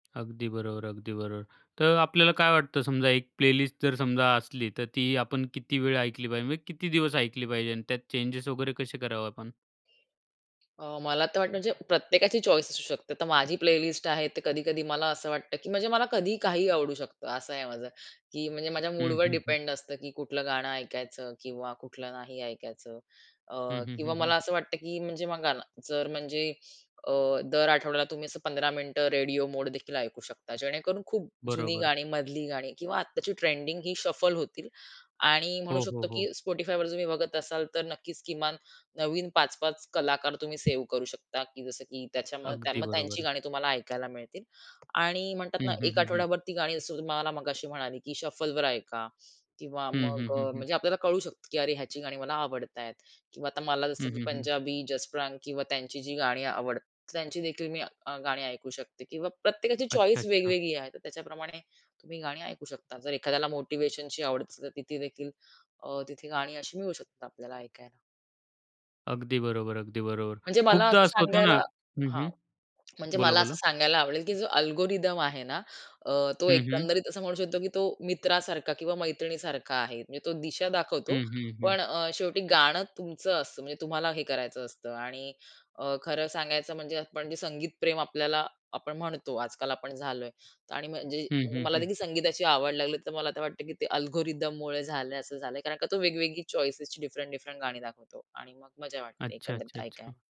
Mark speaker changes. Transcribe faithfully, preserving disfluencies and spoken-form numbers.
Speaker 1: अगदी बरोबर. अगदी बरोबर. तर आपल्याला काय वाटतं, समजा एक प्लेलिस्ट जर समजा असली, तर ती आपण किती वेळ ऐकली पाहिजे? म्हणजे किती दिवस ऐकली पाहिजे अन् त्यात चेंजेस वगैरे कसे करावे आपण?
Speaker 2: अ, मला तर वाटतं, म्हणजे प्रत्येकाची चॉईस असू शकते. तर माझी प्लेलिस्ट आहे, ते कधी-कधी मला असं वाटतं, की म्हणजे मला कधीही काहीही आवडू शकतं. असं आहे माझं. की म्हणजे माझ्या
Speaker 1: हं,
Speaker 2: मूडवर
Speaker 1: हं, हं.
Speaker 2: डिपेंड असतं, की कुठलं गाणं ऐकायचं किंवा कुठलं नाही ऐकायचं. अ,
Speaker 1: हं, हं,
Speaker 2: किंवा
Speaker 1: हं, हं.
Speaker 2: मला असं वाटतं, की म्हणजे बघा ना जर म्हणजे अ, दर आठवड्याला तुम्ही असं पंधरा मिनिटं रेडिओ मोड देखील ऐकू शकता, जेणेकरून खूप जुनी
Speaker 1: बरोबर.
Speaker 2: गाणी, मधली गाणी किंवा आत्ताची ट्रेंडिंग ही शफल होतील. आणि म्हणू
Speaker 1: हो, हो,
Speaker 2: शकतो, की
Speaker 1: हो.
Speaker 2: Spotifyवर तुम्ही बघत असाल, तर नक्कीच किमान नवीन पाच-पाच कलाकार तुम्ही सेव्ह करू शकता. की जसं की त्याच्यामध्ये
Speaker 1: अगदी
Speaker 2: मग त्यांची
Speaker 1: बरोबर.
Speaker 2: गाणी तुम्हाला ऐकायला मिळतील. आणि म्हणतात
Speaker 1: हं,
Speaker 2: ना,
Speaker 1: हं,
Speaker 2: एक
Speaker 1: हं, हं.
Speaker 2: आठवडाभर ती गाणी जसं तुम्हाला मघाशी म्हणाली, की शफलवर ऐका किंवा
Speaker 1: हं, हं,
Speaker 2: मग
Speaker 1: हं,
Speaker 2: अ,
Speaker 1: हं.
Speaker 2: म्हणजे आपल्याला कळू शकतं, की अरे ह्याची गाणी मला आवडत आहेत किंवा आता मला जसं
Speaker 1: हं,
Speaker 2: की
Speaker 1: हं, हं.
Speaker 2: पंजाबी जसप्रांत किंवा त्यांची जी गाणी आवड तर त्यांची देखील मी गाणी ऐकू शकते किंवा प्रत्येकाची
Speaker 1: अच्छा,
Speaker 2: चॉईस
Speaker 1: अच्छा.
Speaker 2: वेगवेगळी आहे, तर त्याच्याप्रमाणे तुम्ही गाणी ऐकू शकता. जर एखाद्याला मोटिव्हेशनची आवड असली तर ती देखील तिथे गाणी अशी मिळू शकतात आपल्याला ऐकायला.
Speaker 1: अगदी बरोबर, अगदी बरोबर.
Speaker 2: म्हणजे मला
Speaker 1: खूपदा
Speaker 2: असं
Speaker 1: असं होतं ना
Speaker 2: सांगायला
Speaker 1: हं,
Speaker 2: हां
Speaker 1: हं.
Speaker 2: म्हणजे
Speaker 1: बोला,
Speaker 2: मला असं
Speaker 1: बोला.
Speaker 2: सांगायला आवडेल, की जो अल्गोरिथम आहे ना अ, तो
Speaker 1: हं, हं.
Speaker 2: एकंदरीत असं म्हणू शकतो, की तो मित्रासारखा किंवा मैत्रिणीसारखा आहे. म्हणजे तो दिशा दाखवतो,
Speaker 1: हं, हं, हं.
Speaker 2: पण अ, शेवटी गाणं तुमचं असतं. म्हणजे तुम्हाला हे करायचं असतं आणि खरं अ, सांगायचं, म्हणजे आपण जे संगीतप्रेमी आपल्याला आपण म्हणतो आजकाल आपण झालोय आणि म्हणजे
Speaker 1: हं, हं,
Speaker 2: मला
Speaker 1: हं.
Speaker 2: देखील संगीताची आवड लागली, तर मला वाटतं, की ते अल्गोरिथममुळे झालंय असं झालंय, कारण का तो वेगवेगळी चॉइसेसची डिफरंट डिफरंट गाणी दाखवतो आणि मग मजा वाटते
Speaker 1: अच्छा,
Speaker 2: एकंदरीत
Speaker 1: अच्छा,
Speaker 2: ऐकायला.
Speaker 1: अच्छा.